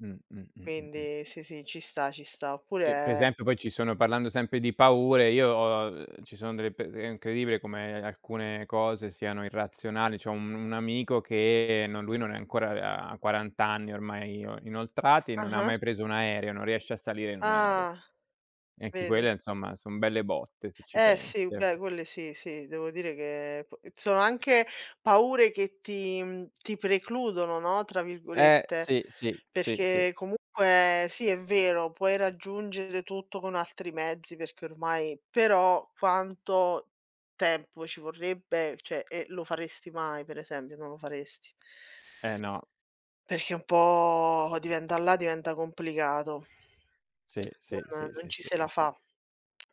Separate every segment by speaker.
Speaker 1: Mh, mh, mh, mh, mh.
Speaker 2: Quindi sì, sì, ci sta, ci sta.
Speaker 1: Eh, pre
Speaker 2: Oppure
Speaker 1: esempio poi ci sono, parlando sempre di paure, io, uhm, ci sono delle pe è incredibile come alcune cose siano irrazionali. C'ho un un amico che, no, lui non è ancora ha 40 anni ormai ino inoltrati, non ha
Speaker 2: Ah-ah.
Speaker 1: mai preso un aereo, non riesce a salire in un aereo.
Speaker 2: Ah.
Speaker 1: E anche
Speaker 2: Vedi.
Speaker 1: quelle insomma, son belle botte se ci
Speaker 2: Eh sì,
Speaker 1: pensi eh.
Speaker 2: beh quelle sì, sì, devo dire che p sono anche paure che ti, mhmm, ti "precludono", no, tra
Speaker 1: Eh
Speaker 2: virgolette,
Speaker 1: sì, sì, sì, sì.
Speaker 2: perché comunque sì, è vero, puoi raggiungere tutto con altri mezzi perché ormai però quanto tempo ci vorrebbe, cioè, e lo faresti mai, pre esempio? Non lo faresti.
Speaker 1: Eh no.
Speaker 2: Perché un po' diventa là diventa complicato.
Speaker 1: Sì, sì, sì,
Speaker 2: N non ci
Speaker 1: sì.
Speaker 2: se la fa.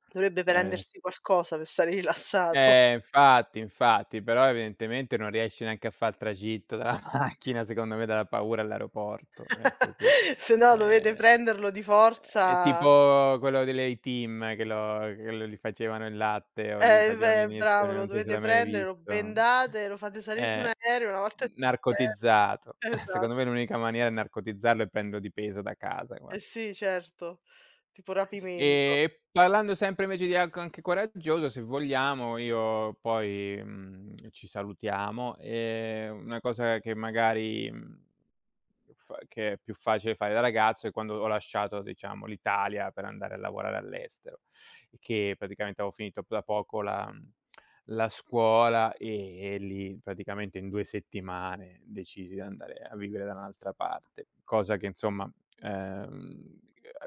Speaker 2: Dovrebbe
Speaker 1: Eh.
Speaker 2: prendersi qualcosa per stare rilassato.
Speaker 1: Eh infatti, infatti, però evidentemente non riesci neanche a fà il tragitto dalla macchina, secondo me, dalla paura, all'aeroporto, è così.
Speaker 2: Se no dovete
Speaker 1: Ehm,
Speaker 2: prenderlo di
Speaker 1: è è
Speaker 2: forza
Speaker 1: tipo quello dell'A-Team che lo che lo gli facevano il latte o gli
Speaker 2: Eh
Speaker 1: facevano
Speaker 2: beh, bravo
Speaker 1: l'iniezione,
Speaker 2: lo
Speaker 1: non so se
Speaker 2: dovete
Speaker 1: l'hai mai
Speaker 2: prendere, lo
Speaker 1: visto.
Speaker 2: bendate, lo fate salì su un
Speaker 1: Eh,
Speaker 2: aereo, una volta e [unintelligible]
Speaker 1: narcotizzato.
Speaker 2: esa
Speaker 1: Secondo me l'unica maniera è narcotizzarlo e prenderlo di peso da casa
Speaker 2: Eh
Speaker 1: gua
Speaker 2: sì certo, tipo rapimento.
Speaker 1: E parlando sempre invece di ac anche coraggioso, se vogliamo io poi, mhmm, ci salutiamo e una cosa che fa che magari, mhmm, f che è più facile fare da ragazzo è quando ho lasciato diciamo l'Italia per andare a lavorare all'estero, che praticamente avevo finito da poco la, mhmm, la scuola e lì praticamente in 2 settimane decisi di andare a vivere da un'altra parte. Cosa che, insomma, ehm,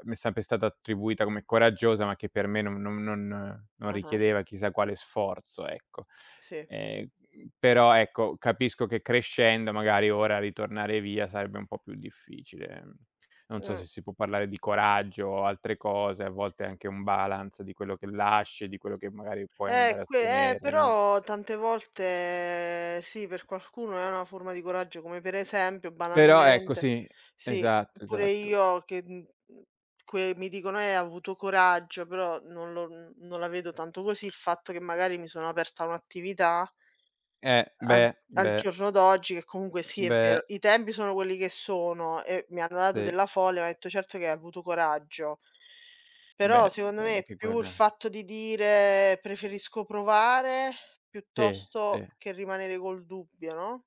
Speaker 1: mi è sempre stata attribuita come coraggiosa, ma che per me non non non non
Speaker 2: Ah-ah.
Speaker 1: richiedeva chissà quale sforzo, ecco.
Speaker 2: Sì.
Speaker 1: Ehm, però ecco, capisco che crescendo magari ora ritornare via sarebbe un po' più difficile. Non so
Speaker 2: Mh.
Speaker 1: se si può parlare di coraggio o altre cose, a volte anche un balance di quello che lasci e di quello che magari puoi
Speaker 2: Eh
Speaker 1: andare a
Speaker 2: que eh,
Speaker 1: ottenere, no?
Speaker 2: però tante volte sì, per qualcuno è una forma di coraggio, come pre esempio
Speaker 1: Però ecco
Speaker 2: banalmente.
Speaker 1: sì,
Speaker 2: Sì,
Speaker 1: esatto,
Speaker 2: pure
Speaker 1: esatto.
Speaker 2: io che, mhmm, que mi dicono: "Eh, hai avuto coraggio", però non lo n non la vedo tanto così, il fatto che magari mi sono aperta un'attività
Speaker 1: Eh
Speaker 2: al
Speaker 1: beh,
Speaker 2: al
Speaker 1: beh.
Speaker 2: giorno d'oggi che comunque sì è
Speaker 1: Beh
Speaker 2: vero, i tempi sono quelli che sono e mi hanno dato
Speaker 1: Sì.
Speaker 2: della folle, mi hanno detto:" Certo che hai avuto coraggio." Però
Speaker 1: Beh,
Speaker 2: secondo me
Speaker 1: [unintelligible]
Speaker 2: è più il
Speaker 1: quello è
Speaker 2: fatto di dire: "Preferisco provare
Speaker 1: Sì,
Speaker 2: piuttosto
Speaker 1: sì.
Speaker 2: che rimanere col dubbio", no?